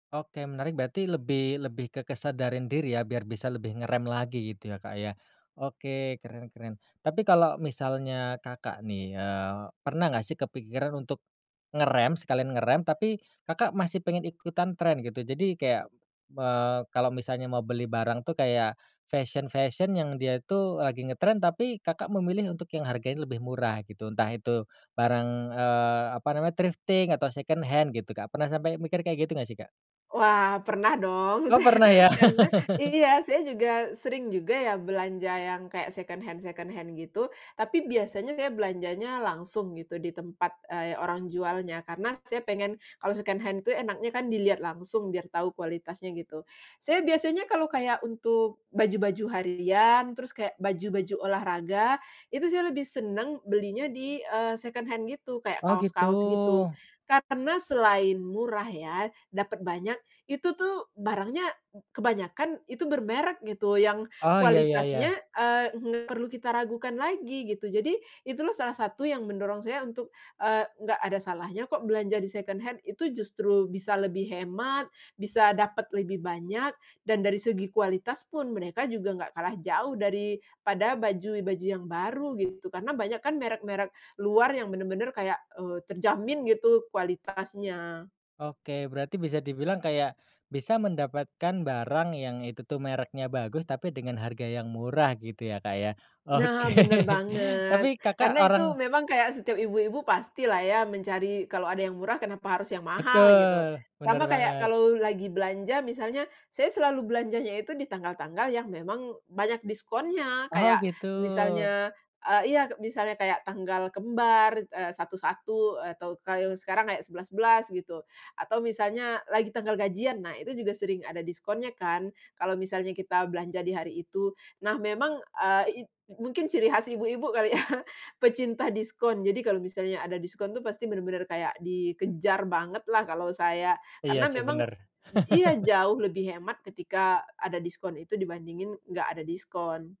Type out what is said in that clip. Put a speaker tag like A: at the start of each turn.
A: Oke menarik berarti lebih lebih ke kesadaran diri ya biar bisa lebih ngerem lagi gitu ya Kak ya. Oke keren keren tapi kalau misalnya Kakak nih, eee, pernah gak sih kepikiran untuk, ngerem sekalian ngerem tapi Kakak masih pengen ikutan trend gitu jadi kayak, eee, kalau misalnya mau beli barang tuh kayak, fashion-fashion yang dia tuh lagi ngetren tapi Kakak memilih untuk yang harganya lebih murah gitu entah itu, barang, eee, apa namanya thrifting atau second hand gitu Kak pernah sampai mikir kayak gitu gak sih, Kak?
B: Wah pernah dong
A: Oh
B: se
A: pernah ya.
B: karena iya saya juga sering juga ya belanja yang kayak second hand second hand gitu, tapi biasanya saya belanjanya langsung gitu di tempat, eee, orang jualnya karena saya pengen kalau second hand tuh enaknya kan dilihat langsung biar tahu kualitasnya gitu. Saya biasanya kalau kayak untuk baju-baju harian, terus kayak baju-baju olahraga, itu saya lebih seneng belinya di eee, second hand gitu kayak
A: Oh gitu.
B: kaos-kaos gitu, karena selain murah ya, dapet banyak, itu tuh barangnya, kebanyakan itu bermerek gitu yang
A: Oh ya ya
B: kualitasnya,
A: ya.
B: eee, nggak perlu kita ragukan lagi gitu jadi, itulah salah satu yang mendorong saya untuk, eee, nggak ada salahnya kok belanja di second hand, itu justru bisa lebih hemat, bisa dapet lebih banyak, dan dari segi kualitas pun mereka juga nggak kalah jauh daripada baju-baju yang baru gitu karena banyak kan merek-merek luar yang benar-benar kayak, eee, terjamin gitu kualitasnya.
A: Oke berarti bisa dibilang kayak, bisa mendapatkan barang yang itu tuh mereknya bagus tapi dengan harga yang murah gitu ya Kak ya. Oke
B: Nah bener
A: tapi
B: banget.
A: Kakak
B: Karena itu
A: orang
B: memang kayak setiap ibu-ibu pastilah ya mencari kalau ada yang murah kenapa harus yang mahal gitu.
A: Betul, bener
B: Sama kayak
A: banget.
B: kalau lagi belanja misalnya saya selalu belanjanya itu di tanggal-tanggal yang memang banyak diskonnya
A: Oh
B: kayak
A: gitu.
B: misalnya, eee iya misalnya kayak tanggal kembar, eee, 1.1 atau kalau sekarang kayak 11.11 gitu, atau misalnya lagi tanggal gajian nah itu juga sering ada diskonnya kan, kalau misalnya kita belanja di hari itu. Nah memang, eee, i it mungkin ciri khas ibu-ibu kali ya pecinta diskon jadi kalau misalnya ada diskon itu pasti bener-bener kayak dikejar bangetlah kalau saya,
A: Iya
B: karena
A: sih
B: memang
A: bener.
B: iya jauh lebih hemat ketika ada diskon itu dibandingin gak ada diskon.